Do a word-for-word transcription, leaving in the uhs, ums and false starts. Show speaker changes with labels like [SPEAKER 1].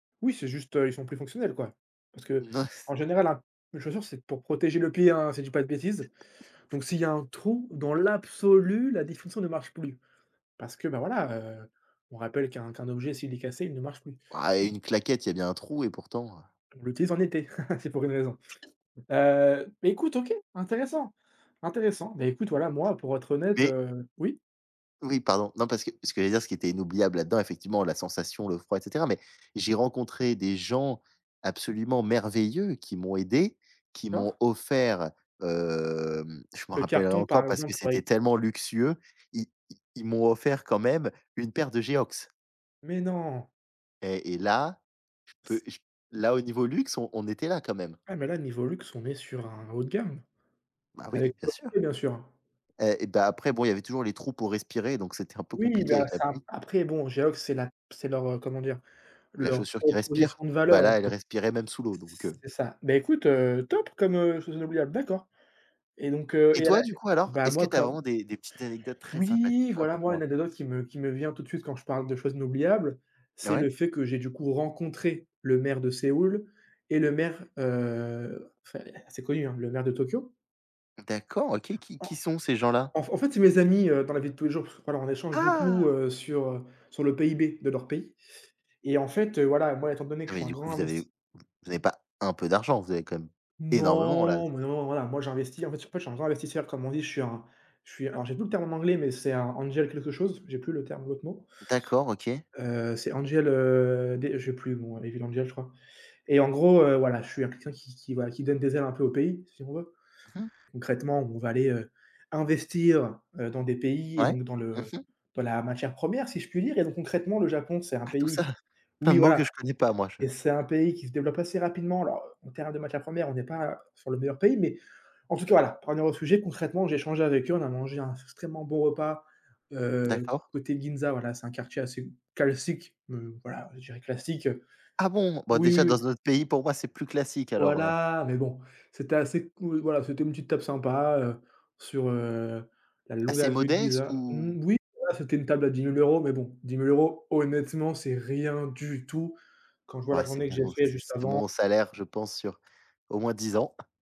[SPEAKER 1] Oui, c'est juste, heu, ils sont plus fonctionnels, quoi, parce
[SPEAKER 2] Non, c
[SPEAKER 1] qu'en général, ap une chaussure, c'est pour protéger le pied, hein. Si je dis pas de bêtises, donc s'il y a un trou, dans l'absolu, la définition ne marche plus, parce que, bah, voilà, heu, on rappelle qu'un qu'un objet, s'il est cassé, il ne marche plus.
[SPEAKER 2] Woah,
[SPEAKER 1] M
[SPEAKER 2] une claquette, il y a bien un trou, et pourtant, heu
[SPEAKER 1] On l'utilise en été, c'est pour une raison, heu, et écoute, OK, intéressant, intéressant mais écoute, voilà, moi, pour être honnête,
[SPEAKER 2] Mais
[SPEAKER 1] heu, oui?
[SPEAKER 2] Oui, pardon. Non, parce que ce que j'allais dire, ce qui était inoubliable là-dedans, effectivement, la sensation, le froid, et cetera, mais j'ai rencontré des gens absolument merveilleux qui m'ont aidé, qui
[SPEAKER 1] D'accord.
[SPEAKER 2] m'ont offert, hem, je m'en
[SPEAKER 1] Le
[SPEAKER 2] rappellerais
[SPEAKER 1] carton, par
[SPEAKER 2] encore, parce que
[SPEAKER 1] exemple? Ouais.
[SPEAKER 2] c'était tellement luxueux. I i ils m'ont offert, quand même, une paire de Geox
[SPEAKER 1] Mais non!
[SPEAKER 2] et et là, je peux, j là, au niveau luxe, on on était là, quand même!
[SPEAKER 1] Ah mais là, niveau luxe, on est sur un haut de gamme
[SPEAKER 2] Bah, oui,
[SPEAKER 1] avec
[SPEAKER 2] bien
[SPEAKER 1] [unintelligible]
[SPEAKER 2] sûr
[SPEAKER 1] bien sûr, hein.
[SPEAKER 2] et bah, après, bon, il y avait toujours les trous pour respirer, donc c'était un peu
[SPEAKER 1] Oui,
[SPEAKER 2] compliqué
[SPEAKER 1] bah,
[SPEAKER 2] avec la
[SPEAKER 1] ça!
[SPEAKER 2] pluie.
[SPEAKER 1] Après, bon, Geox, c'est la p c'est leur, heu, comment dire,
[SPEAKER 2] La
[SPEAKER 1] leur
[SPEAKER 2] chaussure qui respire,
[SPEAKER 1] proposition de
[SPEAKER 2] bah,
[SPEAKER 1] valeur, en
[SPEAKER 2] là, elle
[SPEAKER 1] fait.
[SPEAKER 2] respirait même sous l'eau, donc heu
[SPEAKER 1] C'est ça, ben, écoute, heu, top comme, heu, chose inoubliable. D'accord et donc heu,
[SPEAKER 2] Et
[SPEAKER 1] et à
[SPEAKER 2] toi,
[SPEAKER 1] là,
[SPEAKER 2] du coup, alors,
[SPEAKER 1] ben,
[SPEAKER 2] est ce que
[SPEAKER 1] moi,
[SPEAKER 2] tu as
[SPEAKER 1] comme
[SPEAKER 2] vraiment des des petites anecdotes très sympathiques?
[SPEAKER 1] Oui, voilà, moi, une
[SPEAKER 2] Raconte-moi.
[SPEAKER 1] anecdote qui me qui me vient tout de suite, quand je parle de choses inoubliables,
[SPEAKER 2] Ah
[SPEAKER 1] c'est le
[SPEAKER 2] ouais?
[SPEAKER 1] fait que j'ai, du coup, rencontré le maire de Séoul, et le maire, heu, enfin, c c'est connu, hein, le maire de Tokyo.
[SPEAKER 2] D'accord, OK, qui
[SPEAKER 1] En
[SPEAKER 2] qui sont ces gens-là?
[SPEAKER 1] en f en fait, c'est mes amis, heu, dans la vie de tous les jours parce que, voilà, on échange beaucoup,
[SPEAKER 2] Ah!
[SPEAKER 1] heu, sur, heu, sur le PIB de leur pays et en fait, heu, voilà, moi, étant donné que
[SPEAKER 2] Ah,
[SPEAKER 1] je
[SPEAKER 2] mais
[SPEAKER 1] suis un
[SPEAKER 2] du coup,
[SPEAKER 1] grand
[SPEAKER 2] vous avez
[SPEAKER 1] invest
[SPEAKER 2] v vous avez pas un peu d'argent, vous avez quand même énormément, là,
[SPEAKER 1] Non,
[SPEAKER 2] z
[SPEAKER 1] mais non, voilà, moi, j'investis, en fait,, [unintelligible] je suis un grand investisseur, comme on dit. Je suis un je suis alors, j'ai plus le terme en anglais, mais c'est un angel quelque chose, j'ai plus le terme de l'autre mot
[SPEAKER 2] D'accord, OK.
[SPEAKER 1] heu, c'est angel, heu, dé je sais plus, bon, devil angel, je crois et en gros, heu, voilà, je suis un quelqu'un qui qui qui voilà, qui donne des ailes un peu au pays, si on veut.
[SPEAKER 2] Mmh mh.
[SPEAKER 1] Concrètement, on va aller, heu, investir, heu, dans des pays et
[SPEAKER 2] Ouais.
[SPEAKER 1] donc dans
[SPEAKER 2] Mmh
[SPEAKER 1] le
[SPEAKER 2] mh.
[SPEAKER 1] dans la matière première si je puis dire et donc concrètement le Japon c'est un
[SPEAKER 2] Ah! Tout
[SPEAKER 1] pays
[SPEAKER 2] ça?
[SPEAKER 1] qui
[SPEAKER 2] Plein
[SPEAKER 1] oui,
[SPEAKER 2] de mots
[SPEAKER 1] voilà
[SPEAKER 2] que je ne connais pas, moi, je
[SPEAKER 1] et c'est un pays qui se développe assez rapidement, alors en termes de matières premières, on n'est pas sur le meilleur pays, mais en tout cas, voilà, pour en revenir au sujet, concrètement, j'ai échangé avec eux, on a mangé un s extrêmement bon repas, heu,
[SPEAKER 2] D'accord.
[SPEAKER 1] côté Ginza, voilà, c'est un quartier assez calssique, heu, voilà, je dirais classique, heu,
[SPEAKER 2] Ah bon! Bah,
[SPEAKER 1] oui,
[SPEAKER 2] déjà,
[SPEAKER 1] oui,
[SPEAKER 2] dans
[SPEAKER 1] oui.
[SPEAKER 2] un autre pays, pour moi, c'est plus classique, alors, heu
[SPEAKER 1] Voilà, mais bon, c'était assez cool, voilà. C'était une petite table sympa, heu, sur, heu, la longue
[SPEAKER 2] Assez
[SPEAKER 1] avenue de
[SPEAKER 2] modeste
[SPEAKER 1] Ginza.
[SPEAKER 2] ou?
[SPEAKER 1] Mmh, oui, voilà, c'était une table à dix mille euros, mais bon dix mille euros, honnêtement, c'est rien du tout quand je vois la
[SPEAKER 2] Ouais, c'est
[SPEAKER 1] journée que
[SPEAKER 2] bon,
[SPEAKER 1] j'ai fait
[SPEAKER 2] c
[SPEAKER 1] juste
[SPEAKER 2] c'est
[SPEAKER 1] avant.
[SPEAKER 2] mon salaire, je pense, sur au moins dix ans!